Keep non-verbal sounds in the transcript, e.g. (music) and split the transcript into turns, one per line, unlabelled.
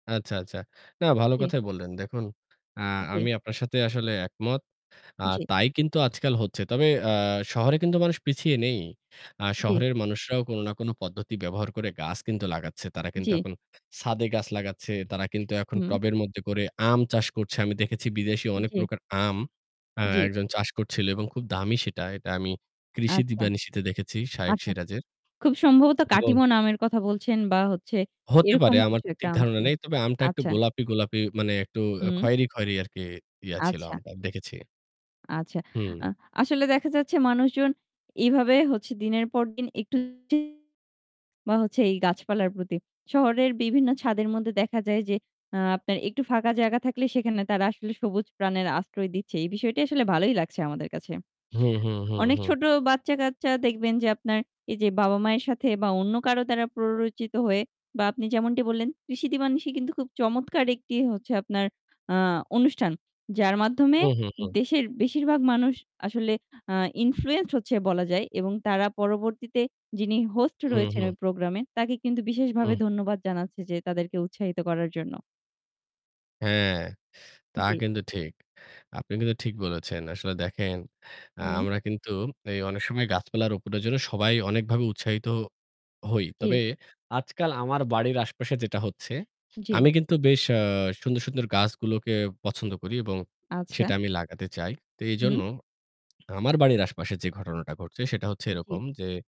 আচ্ছা, আচ্ছা। না ভালো
জি।
কথাই বললেন দেখুন। আ
জি।
আমি আপনার সাথে আসলে একমত। আ
জি।
তাই কিন্তু আজকাল হচ্ছে। তবে আ শহরে কিন্তু মানুষ পিছিয়ে নেই। আ
জি।
শহরের মানুষরাও কোন না কোন পদ্ধতি ব্যবহার করে গাছ কিন্তু লাগাচ্ছে। তারা কিন্তু
জি।
এখন ছাদে গাছ লাগাচ্ছে। তারা কিন্তু এখন
হুম।
টবের মধ্যে করে আম চাষ করছে। আমি দেখেছি বিদেশি অনেক
জি।
প্রকার আম আ
জি।
একজন চাষ করছিল এবং খুব দামি সেটা। এটা আমি কৃষি
আচ্ছা,
দিবানিশিতে দেখেছি, শায়েখ
আচ্ছা।
সিরাজের।
খুব সম্ভবত
এবং
কাটিমোন আমের কথা বলছেন বা হচ্ছে
হতে
এরকম
পারে আমার
কিছু একটা
ঠিক
আম
ধারণা
ছিল।
নেই। তবে আমটা একটু
আচ্ছা।
গোলাপি, গোলাপি, মানে একটু
হুম।
খয়রি, খয়রি আর কি ইয়া ছিল
আচ্ছা।
আমটা আমি দেখেছি।
আচ্ছা।
হুম।
আ আসলে দেখা যাচ্ছে মানুষজন এইভাবে হচ্ছে দিনের পর দিন একটু (unintelligible) বা হচ্ছে এই গাছপালার প্রতি। শহরের বিভিন্ন ছাদের মধ্যে দেখা যায় যে, আ আপনার একটু ফাঁকা জায়গা থাকলে সেখানে তারা আসলে সবুজ প্রাণের আশ্রয় দিচ্ছে। এই বিষয়টি আসলে ভালোই লাগছে আমাদের কাছে।
হুম, হুম, হুম,
অনেক
হুম।
ছোট বাচ্চাকাচ্চা দেখবেন যে আপনার এই যে বাবা-মায়ের সাথে বা অন্য কারো দ্বারা প্ররোচিত হয়ে বা আপনি যেমনটি বললেন 'কৃষি-দিবা নিশি' কিন্তু খুব চমৎকার একটি হচ্ছে আপনার আ অনুষ্ঠান যার মাধ্যমে
হুম, হুম, হুম।
দেশের বেশিরভাগ মানুষ আসলে আ influence হচ্ছে বলা যায়। এবং তারা পরবর্তীতে যিনি হোস্ট
হুম,
রয়েছেন
হুম।
ওই প্রোগ্রামে তাকে কিন্তু বিশেষভাবে
হুম।
ধন্যবাদ জানাচ্ছে যে তাদেরকে উৎসাহিত করার জন্য।
হ্যাঁ, তা
জি।
কিন্তু ঠিক। আপনি কিন্তু ঠিক বলেছেন। আসলে দেখেন, আ
হুম।
আমরা কিন্তু এই অনেক সময় গাছপালার রোপনের জন্য সবাই অনেকভাবে উৎসাহিত হই। তবে
জি।
আজকাল আমার বাড়ির আশেপাশে যেটা হচ্ছে,
জি।
আমি কিন্তু বেশ আ সুন্দর, সুন্দর, গাছগুলোকে পছন্দ করি এবং
আচ্ছা।
সেটা আমি লাগাতে চাই। তো এজন্য
হুম।
আমার বাড়ির আশেপাশে যে ঘটনাটা ঘটছে সেটা হচ্ছে এরকম
জি।
যে